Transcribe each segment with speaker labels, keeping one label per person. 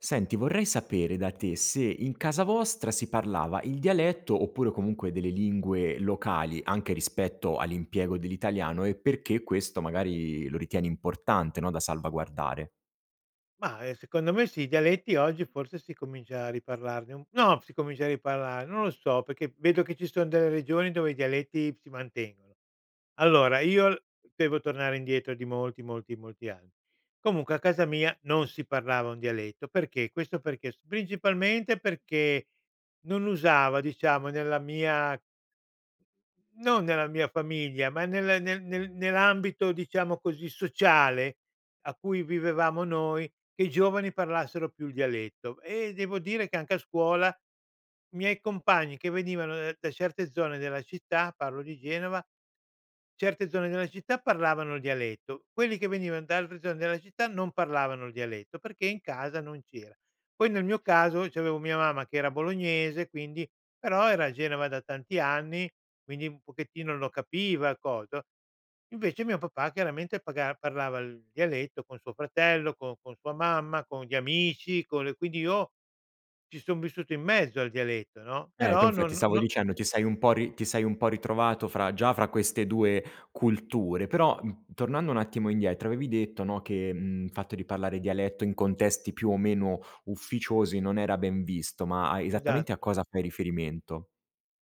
Speaker 1: Senti, vorrei sapere da te se in casa vostra si parlava il dialetto oppure comunque delle lingue locali, anche rispetto all’impiego dell’italiano, e perché questo magari lo ritieni importante, no, da salvaguardare.
Speaker 2: Mah, ehm, secondo me sì, i dialetti oggi forse si comincia a riparlarn no, si comincia a riparlarne. Non lo so, perché vedo che ci son delle regioni dove i dialetti si mantengono. Allora, io devo tornare indietro di molti, molti, molti anni. Comunque a casa mia non si parlava un dialetto. Perché? Questo perché? Principalmente perché non usava, diciamo, nella mia non nella mia famiglia ma nel nel nel nell’ambito, diciamo così, sociale a cui vivevamo noi, che i giovani parlassero più il dialetto, ehm, devo dire che anche a scuola miei compagni che venivano da certe zone della città- parlo di Genova- certe zone della città, parlavano il dialetto. Quelli che venivano da altre zone della città non parlavano il dialetto perché in casa non c’era. Poi nel mio caso c’avevo mia mamma che era bolognese, quindi, però era a Genova da tanti anni, quindi un pochettino lo capiva il cos no? Invece mio papà chiaramente paga parlava il dialetto con suo fratello, con con sua mamma, con gli amici, con le quindi io ci son vissuto in mezzo al dialetto, no,
Speaker 1: Ecco,
Speaker 2: però
Speaker 1: infatti
Speaker 2: non
Speaker 1: stavo
Speaker 2: no
Speaker 1: dicendo, ti sei un po’ ri ti sei un po’ ritrovato fra già fra queste 2 culture, però tornando un attimo indietro avevi detto, no, che, mhmm, fatto di parlare dialetto in contesti più o meno ufficiosi non era ben visto, ma a esattamente a
Speaker 2: Esatto.
Speaker 1: cosa fai riferimento?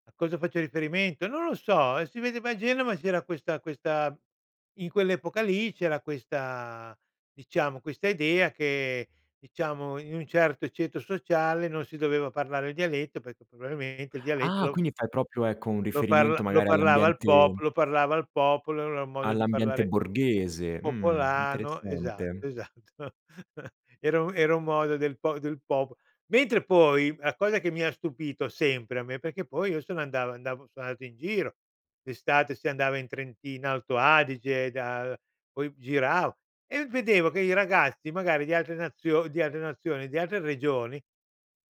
Speaker 2: A cosa faccio riferimento? Non lo so, e si vedeva a Genova c’era questa questa in quell’epoca lì c’era questa diciamo, questa idea che diciamo, in un certo ceto sociale non si doveva parlare il dialetto, perché probabilmente il dialetto
Speaker 1: Ah,
Speaker 2: lo
Speaker 1: quindi fai proprio, ecco, un
Speaker 2: lo parla
Speaker 1: riferimento
Speaker 2: lo
Speaker 1: magari
Speaker 2: parlava il
Speaker 1: all’ambiente
Speaker 2: popolo lo parlava il popolo, era un modo di
Speaker 1: all’ambiente
Speaker 2: parlare
Speaker 1: borghese? Mhmm,
Speaker 2: popolano
Speaker 1: interessante.
Speaker 2: esatto esatto era un era un modo del pop del popol mentre poi, la cosa che mi ha stupito sempre a me, perché poi io sono andav andavo sono andato in giro, d’estate, si andava in Trentino-Alto Adige da poi gira e vedevo che i ragazzi magari di altre nazio di altre nazioni, di altre regioni,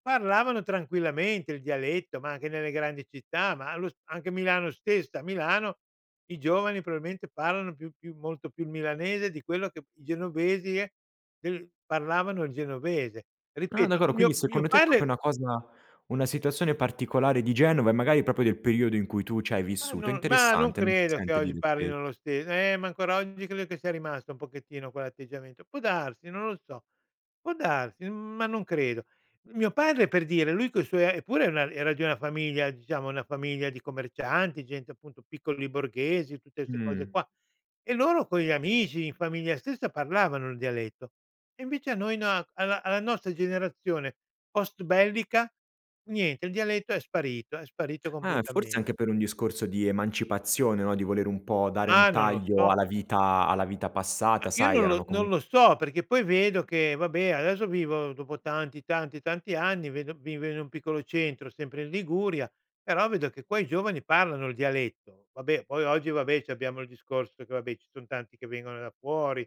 Speaker 2: parlavano tranquillamente il dialetto, ma anche nelle grandi città, ma allo s anche Milano stessa, a Milano i giovani probabilmente parlano più più molto più milanese di quello che p i genovesi eh, del parlavano il genovese.
Speaker 1: Ah,
Speaker 2: Ripeto,
Speaker 1: d'accor quindi
Speaker 2: mio mio
Speaker 1: secondo te è proprio
Speaker 2: padre
Speaker 1: una cosa una situazione particolare di Genova e magari proprio del periodo in cui tu c'hai
Speaker 2: Ma
Speaker 1: vissuto?
Speaker 2: non ma non
Speaker 1: Interessante, non si
Speaker 2: credo che
Speaker 1: sente
Speaker 2: oggi
Speaker 1: dire spess
Speaker 2: parlino lo stes eh ma ancora oggi credo che sia rimasto un pochettino quell’atteggiamento può darsi, non lo so, può darsi, ma non credo. Mio padre per dire, lui coi suoi eppure era era di una famiglia, diciamo, una famiglia di commercianti, gente appunto piccoli borghesi, tutte ste cose
Speaker 1: Mh.
Speaker 2: qua, e loro con gli amici, in famiglia stessa parlavano il dialetto. E invece a noi na a alla nostra generazione postbellica, niente, il dialetto è sparito è sparito
Speaker 1: Eh forse
Speaker 2: completame
Speaker 1: anche per un discorso di emancipazione, no, di voler un po’ dare
Speaker 2: Ah
Speaker 1: un
Speaker 2: non lo
Speaker 1: taglio
Speaker 2: so.
Speaker 1: alla vita alla vita
Speaker 2: Ah
Speaker 1: passata,
Speaker 2: io
Speaker 1: sai,
Speaker 2: non lo
Speaker 1: erano
Speaker 2: non
Speaker 1: comun
Speaker 2: lo so perché poi vedo che, vabbè, adesso vivo, dopo tanti, tanti, tanti anni, vedo vivo in un piccolo centro, sempre in Liguria, però vedo che qua i giovani parlano il dialetto. Vabbè, poi oggi, vabbè, c’abbiamo il discorso che, vabbè, ci son tanti che vengono da fuori,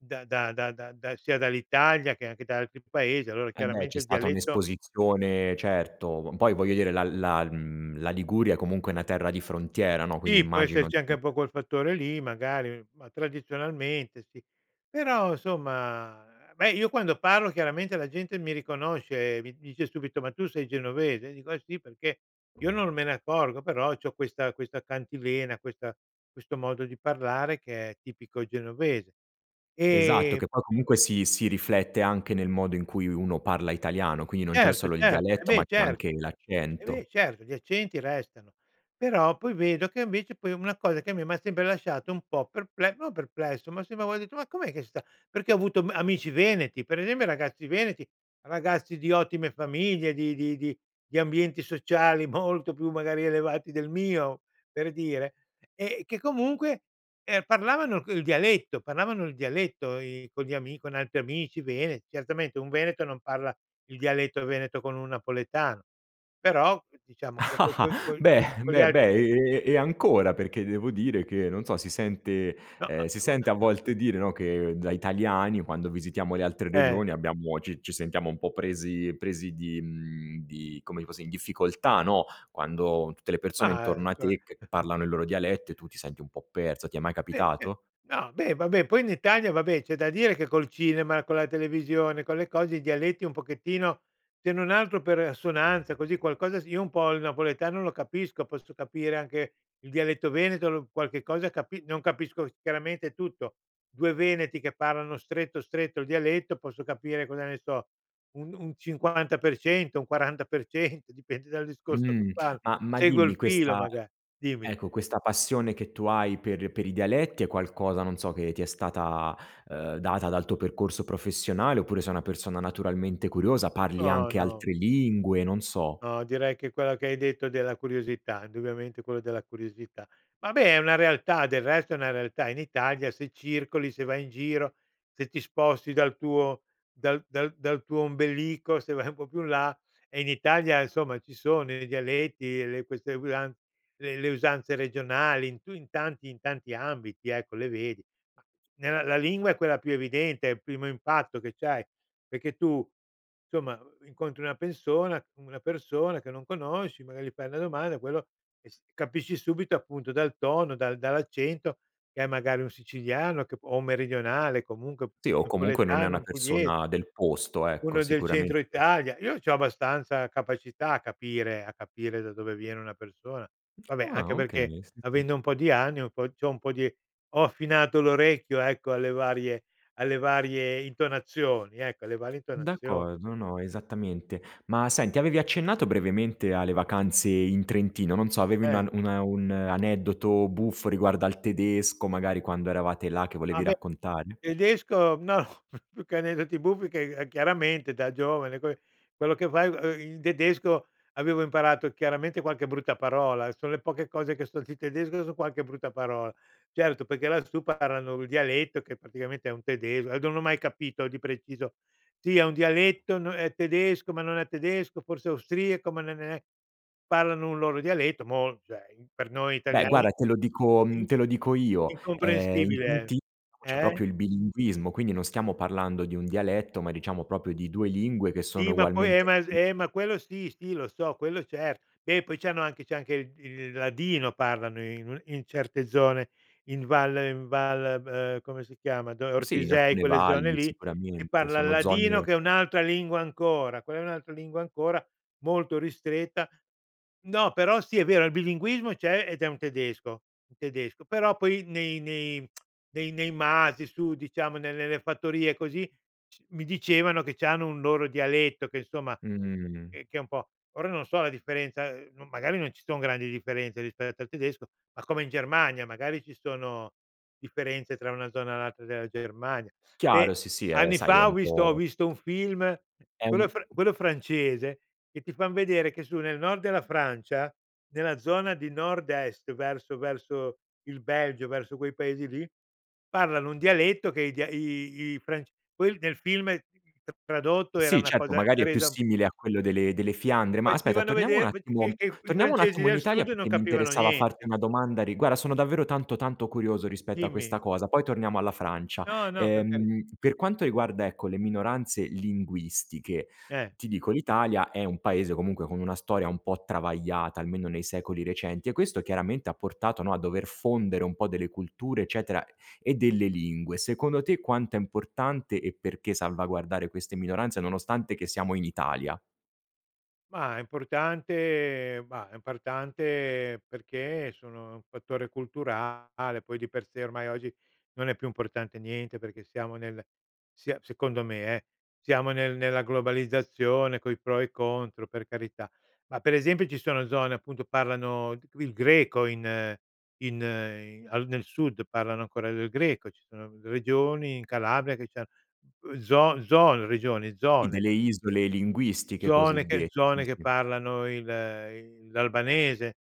Speaker 2: da da da da sia dall’Italia che anche da altri Paesi, allora
Speaker 1: Ehm, beh,
Speaker 2: chiaramente
Speaker 1: c’è
Speaker 2: il
Speaker 1: stata
Speaker 2: dialetto
Speaker 1: un’esposizione, certo. Poi voglio dire la la mhmm, la Liguria comunque è una terra di frontiera, no, quindi
Speaker 2: Sì, può
Speaker 1: immagino
Speaker 2: esserci anche un po’
Speaker 1: [unintelligible]
Speaker 2: col fattore lì magari, ma tradizionalmente sì, però somma, beh, io quando parlo chiaramente la gente mi riconosce, mi dice subito: "Ma tu sei genovese?" Dico: "Eh sì", perché io non me ne accorgo, però c’ho questa questa cantilena, questa questo modo di parlare che è tipico genovese,
Speaker 1: Esatto,
Speaker 2: ehm
Speaker 1: che poi comunque si si riflette anche nel modo in cui uno parla italiano, quindi non c’è
Speaker 2: Certo
Speaker 1: solo il
Speaker 2: certo, e
Speaker 1: dialetto
Speaker 2: beh
Speaker 1: ma c'è anche
Speaker 2: certo e beh
Speaker 1: l’accento.
Speaker 2: certo gli accenti restano, però poi vedo che invece poi una cosa che a me m’ha sempre lasciato un po’ perple no perplesso, ma sempre de: "Ma com’è che sta?" Perché ho avuto ma amici veneti, pre esempio, ragazzi veneti, ragazzi di ottime famiglie, di di di di ambienti sociali molto più magari elevati del mio, per dire, eh, che comunque, ehm, parlavano il dialetto parlavano il dialetto, i con gli ami con gli altri amici vene certamente un veneto non parla il dialetto veneto con un napoletano, però diciamo co co-co co
Speaker 1: Beh
Speaker 2: con gli
Speaker 1: beh
Speaker 2: altri
Speaker 1: beh, e e ancora perché devo dire che, non so, si sente
Speaker 2: No.
Speaker 1: ehm, si sente a
Speaker 2: [unintelligible]
Speaker 1: volte dire, no, che da italiani, quando visitiamo le altre
Speaker 2: Eh.
Speaker 1: regioni, abbiamo ci ci sentiamo un po’ presi presi di mhmm, di, come ti posso in difficoltà, no, quando tutte le persone
Speaker 2: Ma, ehm,
Speaker 1: intorno a te che
Speaker 2: c
Speaker 1: parlano i loro dialetti, e tu ti senti un po’ perso. Ti è mai
Speaker 2: Ehm, ce
Speaker 1: capitato?
Speaker 2: no beh, vabbè, poi in Italia, vabbè, c’è da dire che col cinema, con la televisione, con le cose i dialetti un pochettino, se non altro per assonanza, così, qualcosa sì io un po’ il napoletano lo capisco, posso capire anche il dialetto veneto, l qualche cosa capi non capisco, chiaramente tutto, 2 veneti che parlano stretto, stretto il dialetto, posso capire, cosa ne so, un un 50% un 40% dipende dal discorso che
Speaker 1: Mh,
Speaker 2: fan,
Speaker 1: ma ma
Speaker 2: seguo
Speaker 1: dimmi,
Speaker 2: il filo
Speaker 1: questa
Speaker 2: maga dimmi.
Speaker 1: ecco questa passione che tu hai per per i dialetti è qualcosa, non so, che ti è stata, ehm, data dal tuo percorso professionale oppure sei una persona naturalmente curiosa? Parli
Speaker 2: No,
Speaker 1: anche
Speaker 2: no.
Speaker 1: altre lingue, non so.
Speaker 2: No, direi che quello che hai detto della curiosità, indubbiamente, quello della curiosità. Vabbè, è una realtà, del resto è una realtà in Italia se circoli, se vai in giro, se ti sposti dal tuo dal dal dal tuo ombelico, se vai un po’ più in là, eh in Italia, insomma, ci sono i dialetti, le queste usan le le usanze regionali, in tu in tanti in tanti ambiti, ecco, le vedi, ma nella la lingua è quella più evidente, è il primo impatto che c’hai, perché tu, somma, incontri una pessona una persona che non conosci, magari gli fai una domanda, quello capisci subito appunto dal tono, dal dall’accento, che è magari un siciliano che p o meridionale, comunque
Speaker 1: Sì o comunque non è
Speaker 2: napoletano,
Speaker 1: una
Speaker 2: un puglies
Speaker 1: persona del posto, ecco,
Speaker 2: uno del Centro
Speaker 1: sicuramente
Speaker 2: Italia, io c’ho abbastanza capacità a capire a capire da dove viene una persona, vabbè, anche
Speaker 1: Ah okay,
Speaker 2: perché,
Speaker 1: sì, sì.
Speaker 2: avendo un po’ di anni, un po’ c’ho un po’ di ho affinato l’orecchio, ecco, alle varie alle varie intonazioni, ecco, alle varie intonazioni.
Speaker 1: D’accordo, no, esattamente. Ma senti, avevi accennato brevemente alle vacanze in Trentino, non so, avevi
Speaker 2: Eh.
Speaker 1: una una un aneddoto buffo riguardo al tedesco magari quando eravate là che
Speaker 2: A
Speaker 1: volevi
Speaker 2: me,
Speaker 1: raccontare.
Speaker 2: tedesco no, più che aneddoti buffi, che a chiaramente da giovane que quello che fai il tedesco avevo imparato chiaramente qualche brutta parola, son le poche cose che so di tedesco son qualche brutta parola. Certo, perché lassù parlano il dialetto che praticamente è un tedesco a d non ho mai capito di preciso. Sì, è un dialetto n è tedesco, ma non è tedesco, forse austriaco, ma non è parlano un loro dialetto mol cioè, per noi
Speaker 1: Beh,
Speaker 2: italiani,
Speaker 1: guarda, te lo dico mhmm,
Speaker 2: in
Speaker 1: te lo dico io, ehm, in
Speaker 2: incomprensibile,
Speaker 1: Trenti c’è
Speaker 2: eh.
Speaker 1: proprio il bilinguismo, quindi non stiamo parlando di un dialetto ma diciamo proprio di due lingue che
Speaker 2: Sì,
Speaker 1: sono
Speaker 2: ma poi ehm,
Speaker 1: ugualmente
Speaker 2: ma
Speaker 1: [unintelligible]
Speaker 2: ehm, ma quello sì, sì, lo so, quello certo, beh poi c’hanno anche c’è anche il il ladino, parlano in un in certe zone, in Val in Val come si chiama?
Speaker 1: Sì, in
Speaker 2: Ortisei,
Speaker 1: alcune
Speaker 2: quelle
Speaker 1: valli
Speaker 2: zone lì, che
Speaker 1: sicuramente
Speaker 2: parlan il
Speaker 1: sono
Speaker 2: ladino,
Speaker 1: zone
Speaker 2: che è un’altra lingua ancora, quella è un'altra lingua ancora, molto ristretta no, però sì, è vero il bilinguismo c’è ed è un tedesco un tedesco, però poi nei nei nei nei masi, su diciamo, ne nelle fattorie e così, c mi dicevano che c’hanno un loro dialetto che, insomma,
Speaker 1: Mh.
Speaker 2: ch che è un po' ora, non so la differenza, magari non ci son grandi differenze rispetto al tedesco, ma come in Germania magari ci sono differenze tra una zona e l'altra della Germania.
Speaker 1: Chiaro
Speaker 2: Beh,
Speaker 1: sì, sì è
Speaker 2: anni
Speaker 1: sai è
Speaker 2: fa ho
Speaker 1: un
Speaker 2: visto ho
Speaker 1: po'
Speaker 2: visto un film,
Speaker 1: è
Speaker 2: quello
Speaker 1: un
Speaker 2: fr quello francese, che ti fan vedere che su nel nord della Francia, nella zona di nord-est verso verso il Belgio, verso quei paesi lì, parlano un dialetto che i di i fra que nel film tradotto era
Speaker 1: Sì,
Speaker 2: una
Speaker 1: certo,
Speaker 2: cosa
Speaker 1: magari è più
Speaker 2: resa
Speaker 1: simile a quello delle delle Fiandre, ma aspetta,
Speaker 2: facevano
Speaker 1: torniamo un
Speaker 2: vedere [unintelligible] che
Speaker 1: attimo
Speaker 2: che i
Speaker 1: torniamo un
Speaker 2: francesi
Speaker 1: attimo in
Speaker 2: del
Speaker 1: Italia,
Speaker 2: sud non
Speaker 1: perché mi
Speaker 2: capivano
Speaker 1: interessava farti
Speaker 2: niente.
Speaker 1: una domanda rigua guarda, sono davvero tanto, tanto curioso rispetto a
Speaker 2: Dimmi.
Speaker 1: questa cosa, poi torniamo alla Francia.
Speaker 2: No, no per cari
Speaker 1: Ehm, per quanto riguarda, ecco, le minoranze linguistiche,
Speaker 2: Eh.
Speaker 1: ti dico l’Italia è un paese comunque con una storia un po’ travagliata, almeno nei secoli recenti, e questo chiaramente ha portato, no, a dover fondere un po’ delle culture eccetera e delle lingue. Secondo te, quanto è importante, e perché, salvaguardare queste minoranze, nonostante che siamo in Italia?
Speaker 2: Ma è importante bah è importante perché sono un fattore culturale, poi di per sé ormai oggi non è più importante niente, perché siamo nel sia secondo me eh, siamo nel nella globalizzazione coi pro e i contro per carità. Ma per esempio ci sono zone appunto, parlano g il greco in in in al nel sud parlano ancora del Greco, ci sono r regioni in Calabria che c'han ehm, zo zone, regioni,
Speaker 1: Sì,
Speaker 2: zone
Speaker 1: delle isole linguistiche
Speaker 2: zone che
Speaker 1: cosiddette, sì,
Speaker 2: zone che
Speaker 1: sì.
Speaker 2: parlano il il l'albanese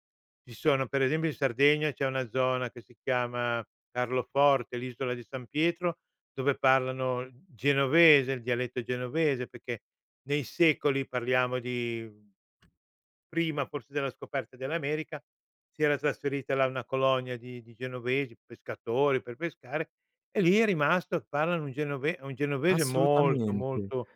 Speaker 2: ci sono, per esempio in Sardegna c'è una zona che si chiama Carloforte, l'isola di San Pietro, dove parlano genovese, il dialetto genovese; perché nei secoli, parliamo di prima forse della scoperta dell'America, si era trasferita là una colonia di di genovesi, pescatori per pescare e lì è rimasto e parlano un genove un genovese molto,
Speaker 1: Assolutamente.
Speaker 2: molto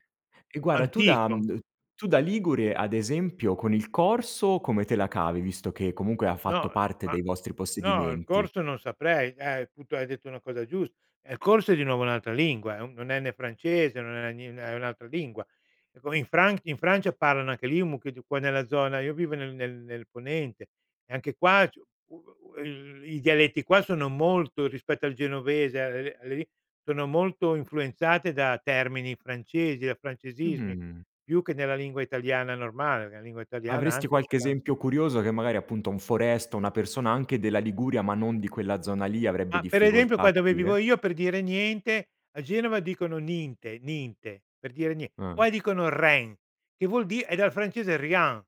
Speaker 1: E guarda tu da uhm,
Speaker 2: antico.
Speaker 1: d tu da ligure ad esempio con il corso come te la cavi, visto che comunque ha fatto
Speaker 2: No, ehm
Speaker 1: parte
Speaker 2: ma
Speaker 1: dei vostri
Speaker 2: no, il
Speaker 1: possedimenti?
Speaker 2: corso non saprei, eh appunto, hai detto una cosa giusta. Eh, il corso è di nuovo un'altra lingua. È un non è né francese, non è né ni è un'altra lingua. È come in Fran in Francia parlano anche lì un mucchio di qua nella zona io vivo nel nel nel ponente, e anche qua c'è [unintelligible] il i dialetti qua sono molto, rispetto al genovese, [unintelligible] sono molto influenzate da termini francesi, da francesismi
Speaker 1: Mh.
Speaker 2: più che nella lingua italiana normale, la lingua italiana
Speaker 1: Avresti
Speaker 2: anche ci
Speaker 1: qualche
Speaker 2: stan
Speaker 1: esempio curioso che magari appunto un foresto, o una persona anche della Liguria ma non di quella zona lì avrebbe
Speaker 2: Ma per esempio
Speaker 1: difficoltà
Speaker 2: qua
Speaker 1: a
Speaker 2: dove vivo
Speaker 1: capire?
Speaker 2: io, per dire "niente", a Genova dicono: "Ninte, ninte", per dire nie
Speaker 1: Ah.
Speaker 2: poi dicono: "Rein" che vuol di' è dal francese Rien;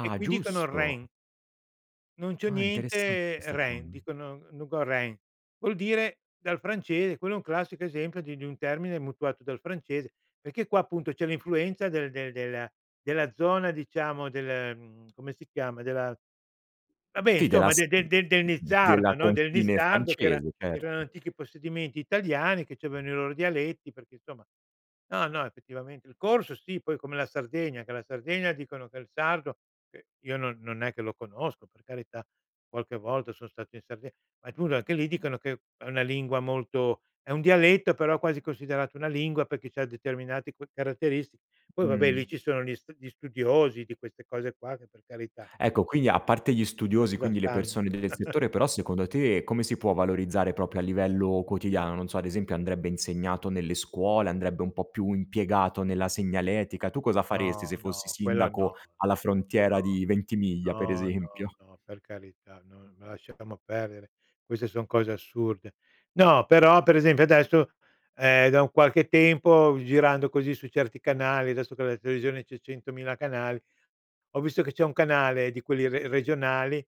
Speaker 2: e qui dicono: "Rein."
Speaker 1: giusto.
Speaker 2: Non c'ho
Speaker 1: Ah, interessante
Speaker 2: niente,
Speaker 1: questa
Speaker 2: rein.
Speaker 1: cosa.
Speaker 2: Dicono: "no go rein." Vuol dire dal francese quello è un classico esempio di di un termine mutuato dal francese. Perché qua appunto c'è l'influenza del del della della zona diciamo del ehm, come si chiama, della vabbè
Speaker 1: Sì della
Speaker 2: insomma
Speaker 1: s
Speaker 2: del
Speaker 1: uhm,
Speaker 2: del del del
Speaker 1: mh mhmm, della
Speaker 2: Nizzardo, no, del
Speaker 1: confine
Speaker 2: Nizzardo che era
Speaker 1: francese,
Speaker 2: erano
Speaker 1: certo.
Speaker 2: antichi possedimenti italiani che c'avevano i loro dialetti perché insomma no, no effettivamente. Il corso sì, poi come la Sardegna, che la Sardegna dicono che il sardo che io non non è che lo conosco per carità, qualche volta son stato in Sarde ma comunque anche lì dicono che è una lingua molto è un dialetto però quasi considerata una lingua perché c'ha determinati cu caratteristi poi vabbè lì
Speaker 1: Mh.
Speaker 2: ci sono gli stu gli studiosi di queste cose qua che per carità
Speaker 1: Ecco, quindi a parte gli studiosi,
Speaker 2: qualcosa
Speaker 1: quindi le
Speaker 2: stanno.
Speaker 1: persone del settore però secondo te come si può valorizzare proprio a livello quotidiano? Non so, ad esempio andrebbe insegnato nelle scuole, andrebbe un po' più impiegato nella segnaletica, tu cosa faresti
Speaker 2: No,
Speaker 1: se fossi
Speaker 2: no, quella
Speaker 1: sindaco
Speaker 2: no.
Speaker 1: alla frontiera
Speaker 2: No.
Speaker 1: di Ventimiglia per
Speaker 2: No, no,
Speaker 1: esempio?
Speaker 2: no per carità, no, ma lasciamo perdere. Queste son cose assurde. No, però per esempio adesso, ehm, da un qualche tempo girando così su certi canali, adesso che la televisione c'è 100.000 canali, ho visto che c'è un canale di quelli re regionali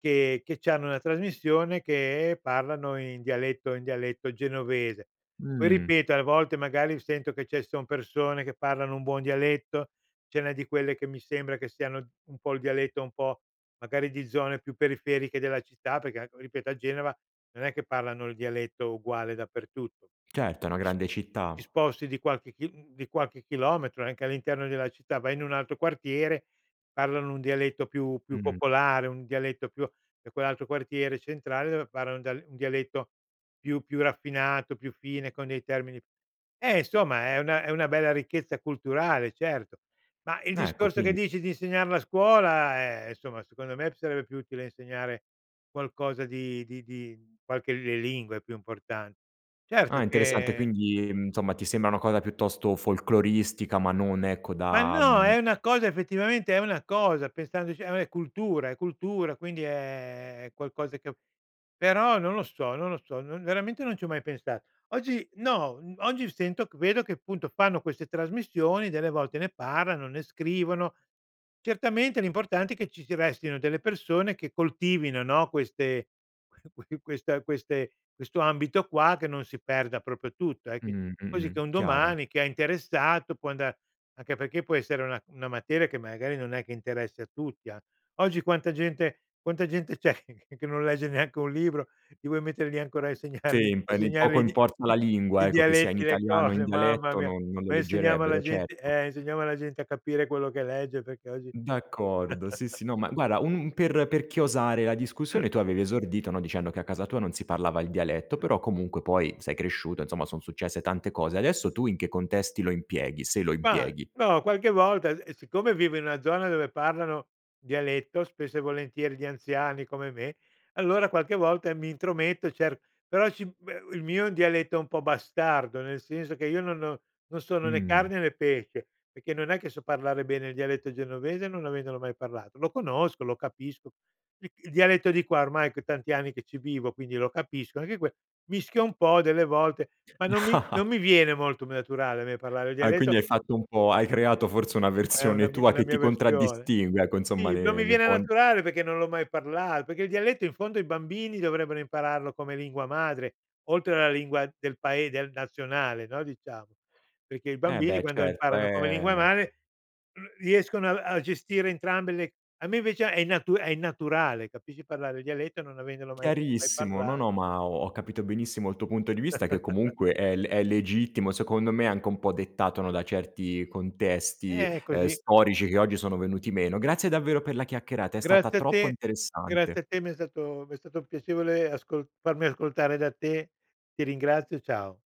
Speaker 2: che che c'hanno una trasmissione che parlano in dialetto, in dialetto genovese. Poi
Speaker 1: Mh.
Speaker 2: ripeto a volte magari sento che ce son persone che parlano un buon dialetto, ce n'è di quelle che mi sembra che siano un po' il dialetto un po' magari di zone più periferiche della città, perché ecco ripeto a Genova non è che parlano il dialetto uguale dappertutto.
Speaker 1: Certo, è una
Speaker 2: Ti sp
Speaker 1: grande
Speaker 2: ti
Speaker 1: città.
Speaker 2: sposti di qualche chil uhm, di qualche chilometro, anche all'interno della città, vai in un altro quartiere parlano un dialetto più più
Speaker 1: Mh-mh.
Speaker 2: popolare, un dialetto più e quell'altro quartiere centrale dove parlano un dial un dialetto più più raffinato, più fine con dei termini eh insomma è una è una bella ricchezza culturale, certo. Ma il
Speaker 1: Ecco,
Speaker 2: discorso che
Speaker 1: quindi
Speaker 2: dici di insegnarla a scuola eh, insomma secondo me p sarebbe più utile insegnare qualcosa di di di qualche le lingue è più importan
Speaker 1: Ah
Speaker 2: certo
Speaker 1: interessante.
Speaker 2: che
Speaker 1: Quindi, ehm, insomma ti sembra una cosa piuttosto folkloristica ma non ecco
Speaker 2: Ma
Speaker 1: da,
Speaker 2: no
Speaker 1: mhmm
Speaker 2: è una cosa, effettivamente è una cosa, pensandoci è è cultura, è cultura, quindi, ehm, è qualcosa che però non lo so, non lo so non veramente non ci ho mai pensato. Oggi no, uhm, oggi sento che vedo che appunto fanno queste trasmissioni, delle volte ne parlano, ne scrivono; certamente l'importante è che ci si restino delle persone che coltivino, no, queste que que questa queste questo ambito qua che non si perda proprio tutto, e che
Speaker 1: Mh-mh,
Speaker 2: quasi
Speaker 1: mh-mh,
Speaker 2: che un
Speaker 1: chiaro.
Speaker 2: domani chi è interessato può andar anche perché può essere una una materia che magari non è che interessa a tutti, an oggi quanta gente quanta gente c'è che che non legge neanche un libro, li vuoi mettere lì ancora a insegnargli a
Speaker 1: Sì, poi lì
Speaker 2: insegnargli
Speaker 1: poco
Speaker 2: i di
Speaker 1: importa la lingua
Speaker 2: i
Speaker 1: ecco, che sia in
Speaker 2: dialetti, le
Speaker 1: italiano o in
Speaker 2: cose mamma
Speaker 1: dialetto
Speaker 2: mia.
Speaker 1: non non lo
Speaker 2: Ma insegniamo la
Speaker 1: leggerebbero,
Speaker 2: gente
Speaker 1: certo.
Speaker 2: eh, insegniamo alla gente a capire quello che legge perché oggi
Speaker 1: D'accordo sì, sì. No ma guarda un un per per chiosare la discussione, tu avevi esordito, no, dicendo che a casa tua non si parlava il dialetto, però comunque poi sei cresciuto insomma, son successe tante cose. Adesso tu in che contesti lo impieghi, se lo
Speaker 2: Ma,
Speaker 1: impieghi?
Speaker 2: no qualche volta e e siccome vivo in una zona dove parlano dialetto spesso e volentieri, gli anziani come me, allora qualche volta e mi intrometto cer però sì, beh, il mio è un dialetto un po' bastardo, nel senso che io non ho non sono né
Speaker 1: Mh.
Speaker 2: carne né pesce, perché non è che so parlare bene il dialetto genovese non avendolo mai parlato; lo conosco, lo capisco. Il il dialetto di qua ormai che tanti anni che ci vivo, quindi lo capisco anche que mischio un po' delle volte ma non mi non mi viene molto naturale a me parlare il
Speaker 1: Ah e quindi
Speaker 2: dialetto.
Speaker 1: hai fatto un po' hai creato forse una
Speaker 2: È una
Speaker 1: versione
Speaker 2: mi
Speaker 1: tua
Speaker 2: una
Speaker 1: che
Speaker 2: mia
Speaker 1: ti
Speaker 2: versione.
Speaker 1: contraddistingue ecco, insomma
Speaker 2: Sì, non
Speaker 1: ne
Speaker 2: mi
Speaker 1: ne
Speaker 2: viene
Speaker 1: puon
Speaker 2: naturale perché non l'ho mai parlato, perché il dialetto in fondo i bambini dovrebbero impararlo come lingua madre, oltre alla lingua del pae del nazionale, no, diciamo, perché i
Speaker 1: Eh
Speaker 2: bambini
Speaker 1: beh
Speaker 2: quando
Speaker 1: certo,
Speaker 2: imparano come lingua
Speaker 1: ehm
Speaker 2: madre r riescono a a gestire entrambe le a me invece è innatu è innaturale, capisci, parlare il dialetto non avendolo mai mai
Speaker 1: Chiarissimo, no,
Speaker 2: parla
Speaker 1: no ma ho ho capito benissimo il tuo punto di vista, che comunque è le è legittimo secondo me, anche un po' dettato, no, da certi contesti,
Speaker 2: Eh,
Speaker 1: ehm,
Speaker 2: così.
Speaker 1: storici che oggi sono venuti meno. Grazie davvero per la chiacchierata. È stata
Speaker 2: Grazie a
Speaker 1: troppo
Speaker 2: te.
Speaker 1: interessante.
Speaker 2: Grazie a te mi è stato mi è stato piacevole ascol farmi ascoltare da te, ti ringrazio, ciao.